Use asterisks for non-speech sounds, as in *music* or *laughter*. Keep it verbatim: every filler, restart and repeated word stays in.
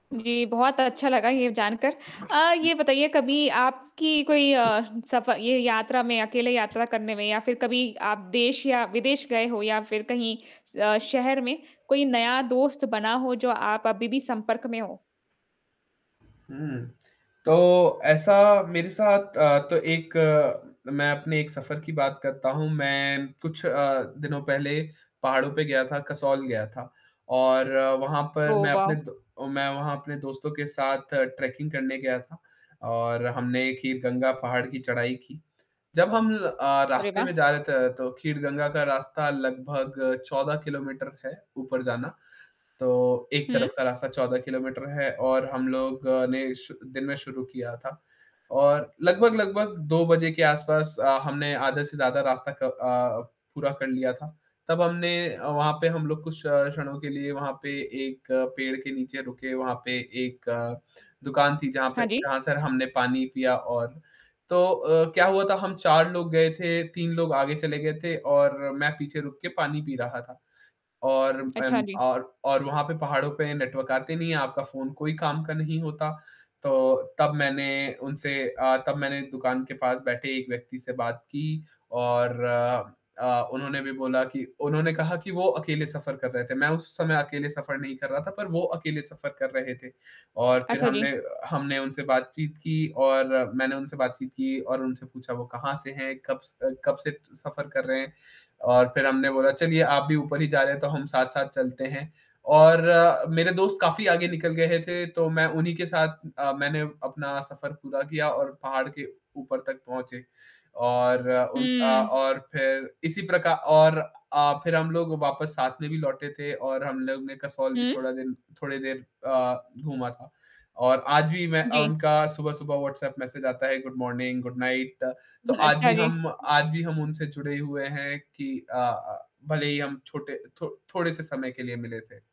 जी, बहुत अच्छा लगा ये जानकर अ, ये बताइए कभी आपकी कोई अ, सफ़र ये यात्रा में अकेले यात्रा करने में या फ़िर कभी आप देश या विदेश गए हो या फ़िर कहीं स अ, शहर में कोई नया दोस्त बना हो जो आप अभी भी संपर्क में हो? हुँ, तो ऐसा मेरे साथ अ, तो एक अ, मैं अपने एक सफ़र की बात करता हूँ। मैं कुछ अ, दिनों पहले पहाड़ों पे गया था, कसौल गया था और वहाँ पर ओह, मैं अपने वाओ! मैं दो व अपने दोस्तों के साथ ट्रैकिंग करने गया था और हमने खीरगंगा पहाड़ की चढ़ाई की। जब हम अ, अरे रास्ते वाह! में जा रहे थे तो खीरगंगा का रास्ता लगभग चौदह किलोमीटर है ऊपर जाना। तो एक तरफ़ हुँ। का रास्ता चौदह किलोमीटर है और हम लोग ने शु दिन में शुरू किया था। और लगभग-लगभग दो बजे के आस-पास अ, हमने आधे से ज़्यादा रास्ता क अ अ, पूरा कर लिया था। तब हमने अ, वहाँ पे हम लोग कुछ क्ष क्षणों के लिए वहाँ पे एक पेड़ के नीचे रुके वहाँ पे एक दुकान थी जहाँ पे हाँ जी। जहाँ से हमने पानी पिया और तो अ, क्या हुआ था हम चार लोग गए थे, तीन लोग आगे चले गए थे और मैं पीछे रुक के पानी पी रहा था। और अच्छा, अम, जी। और और वहाँ पे पहाड़ों पे नेटवर्क आते नहीं हैं, आपका फ़ोन कोई काम का नहीं होता। तो तब मैंने उनसे अ, तब मैंने दुकान के पास बैठे एक व्यक्ति से बात की और अ, उन्होंने भी बोला कि उन्होंने कहा कि वो अकेले सफ़र कर रहे थे। मैं उस समय अकेले सफ़र नहीं कर रहा था पर वो अकेले सफ़र कर रहे थे और फ़िर अच्छा, हमने जी। हमने उनसे बातचीत की और मैंने उनसे बातचीत की और उनसे पूछा वो कहाँ से हैं? कब से अ, कब से सफ़र कर रहे हैं और फ़िर हमने बोला चलिए आप भी ऊपर ही जा रहे हैं तो हम साथ-साथ चलते हैं और मेरे दोस्त काफ़ी आगे निकल गए थे तो मैं उन्हीं के साथ अ, मैंने अपना सफ़र पूरा किया और पहाड़ के ऊपर तक पहुँचे। और उन अ, हुँ। और फ़िर इसी प्रकार और अ, फ़िर हम लोग वापस साथ में भी लौटे थे और हम लोग ने कसौल भी हुँ। थोड़ा दिन थोड़ी देर अ, घूमा था और आज भी मैं अ, जी। उनका सुबह-सुबह व्हाट्सएप मैसेज आता है गुड मॉर्निंग, गुड नाइट तो *chuckles* आज अच्छा भी जी। हम आज भी हम उनसे जुड़े हुए हैं की अ अ, भले ही हम छोटे थो थोड़े से समय के लिए मिले थे।